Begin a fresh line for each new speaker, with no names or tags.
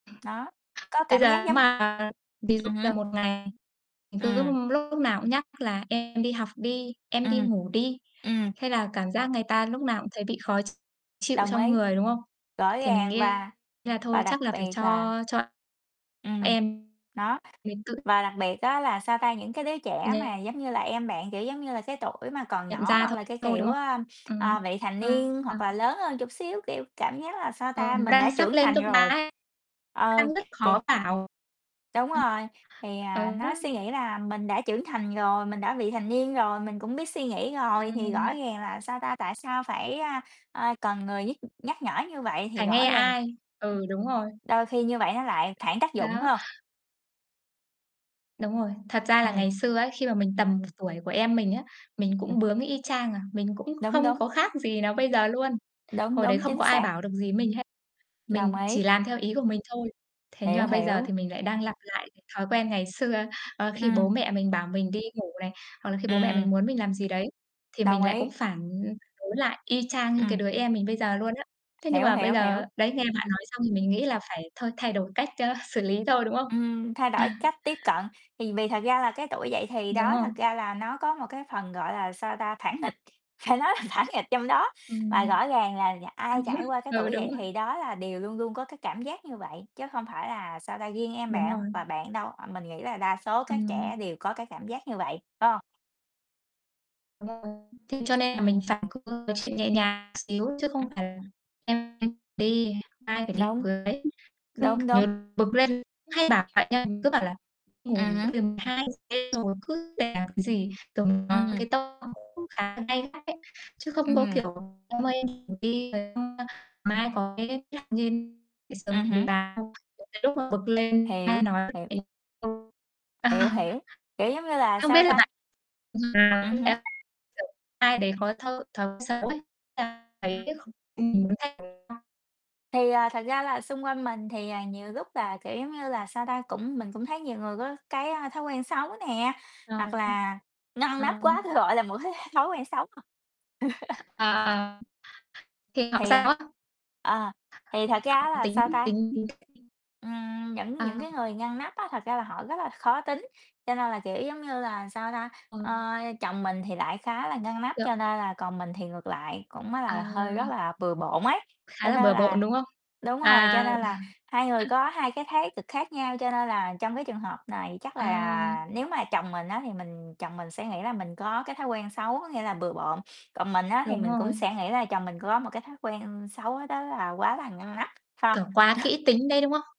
Đó, có
Bây
cảm giác
giờ nếu
giống
mà ví dụ
ừm hứm.
là một ngày mình cứ
Ừm.
lúc nào cũng nhắc là em đi học đi, em đi
Ừm,
ngủ đi,
ừm.
hay là cảm giác người ta lúc nào cũng thấy bị khó ch chịu
Đồng
trong
ý,
người, đúng không?
rõ
Thì mình
ràng
nghĩ
và
là thôi
và
chắc
đặc
là phải
biệt
cho
là
cho
Ừm,
em
đó,
mấy cử
và đặc biệt á là, sao ta, những cái đứa trẻ mà
Nha
giống như là em bạn, kiểu, giống như là cái tuổi mà còn
Nhận
nhỏ
ra
hoặc
thôi
là cái
thôi, đúng
kiểu,
không?
ờm, ờ,
Ừm,
vị thành niên
à.
hoặc là lớn hơn chút xíu, kiểu, cảm giác là, sao
Ờ,
ta, mình đã
đang sắp
trưởng
lên
thành
cấp 3
rồi,
ấy,
ờ,
đang rất
kiểu
khó bảo.
Đúng
Ờ,
rồi, thì, à,
ờ đó.
nó suy nghĩ là mình đã trưởng thành rồi, mình đã vị thành niên rồi, mình cũng biết suy nghĩ rồi thì rõ
Ừm.
ràng là, sao ta, tại sao phải, a, a, cần người nhức nhắc nhở như vậy thì
Phải nghe
rõ ràng
ai, ừ, đúng rồi.
đôi khi như vậy nó lại phản tác dụng phải
Đó.
hông?
Đúng rồi, thật ra là
Ừm.
ngày xưa ấy, khi mà mình tầm
[unintelligible]
tuổi của em mình á, mình cũng bướng y chang à, mình cũng
Đúng,
không
đúng.
có khác gì nó bây giờ luôn.
Đúng,
Hồi đấy
đúng,
không
chính
có ai
xác.
bảo được gì mình với hết,
Đồng
mình
ý.
chỉ làm theo ý của mình thôi. Thế nhưng
Hiểu,
mà bây giờ
hiểu.
thì mình lại đang lặp lại cái thói quen ngày xưa, ơ, khi bố
Ừm.
mẹ mình bảo mình đi ngủ này, hoặc là khi bố mẹ
Ừm.
mình muốn mình làm gì đấy, thì
Đồng
mình lại cũng
ý.
phản đối lại y chang như cái
Ừm.
đứa em mình bây giờ luôn á. Thế nhưng
Hiểu,
mà bây
hiểu, hiểu,
giờ đấy nghe bạn
ừm.
nói xong thì mình nghĩ là phải thôi, thay đổi cách, a, xử lý thôi, đúng không?
Ừm, thay đổi cách tiếp cận, thì vì thật ra là cái tuổi dậy thì
Đúng
đó,
rồi.
thật ra là nó có một cái phần gọi là, sao ta, phản nghịch, phải nói là phản nghịch trong đó. Và
Ừm,
rõ ràng là nhà
hay
ai
quá,
trải qua cái
ừ,
tuổi
đúng
dậy
rồi.
thì đó là đều luôn luôn có cái cảm giác như vậy, chứ không phải là, sao ta, riêng em
Đúng
bạn
rồi.
và bạn đâu, à, mình nghĩ là đa số các trẻ
Ừm.
đều có cái cảm giác như vậy, phải hông?
Đúng rồi. Thế cho nên là mình
Ừm.
phải có thật sự nhẹ nhàng xíu chứ không phải là
Ừm.
em đi, ai phải đi
Đúng,
với. Cứ
đúng, đúng.
như bực lên cứ hay bảo vậy á, mình cứ bảo là
Ừm
"Ngủ đi,
hứm.
tầm 2:00 đêm rồi cứ làm cái gì", rồi mình nói với
Ừm.
cái tông cũng khá là gay gắt đấy. Chứ không có
Ừm.
kiểu: "em ơi, em đi ngủ đi, rồi xong mai có cái" [unintelligible]
Ừm hứm.
đến cái lúc mà bực lên ai
Hiểu,
nói
hiểu.
thì không
Hiểu, hiểu, kiểu, giống như là,
không biết
sao
là
ta
bạn
Ừm hứm.
[unintelligible] ai đấy có thói thói quen xấu ấy [unintelligible]
Ừm.
mình muốn thay đổi không?
Thì, à, thật ra là xung quanh mình thì, à, nhiều lúc là, kiểu, giống như là, sao ta, cũng mình cũng thấy nhiều người có cái thói quen xấu nè, hoặc
Ờ.
là ngăn
Ờ.
nắp quá, tui gọi là một cái thói quen xấu.
Ờ, thì học
Thì, à
sao á?
ờ, thì thật ra á
Học
là,
tính
sao ta
tính
Ừm, những những
À.
cái người ngăn nắp á thật ra là họ rất là khó tính, cho nên là, kiểu, giống như là, sao ta
Ờ.
ơ, chồng mình thì lại khá là ngăn nắp cho
[unintelligible]
nên là còn mình thì ngược lại cũng á
À.
là hơi rất là bừa bộn ấy.
Khá
Cho
là
nên
bừa
là
bộn, đúng không?
đúng rồi, cho
À,
nên
ờ.
là hai người có hai cái thái cực khác nhau, cho nên là trong cái trường hợp này chắc
À.
là nếu mà chồng mình á thì mình chồng mình sẽ nghĩ là mình có cái thói quen xấu, có nghĩa là bừa bộn, còn mình á thì
Đúng
mình cũng
rồi.
sẽ nghĩ là chồng mình có một cái thói quen xấu đó là quá là ngăn nắp, phải
Kiểu,
hông?
quá kỹ tính đấy, đúng không?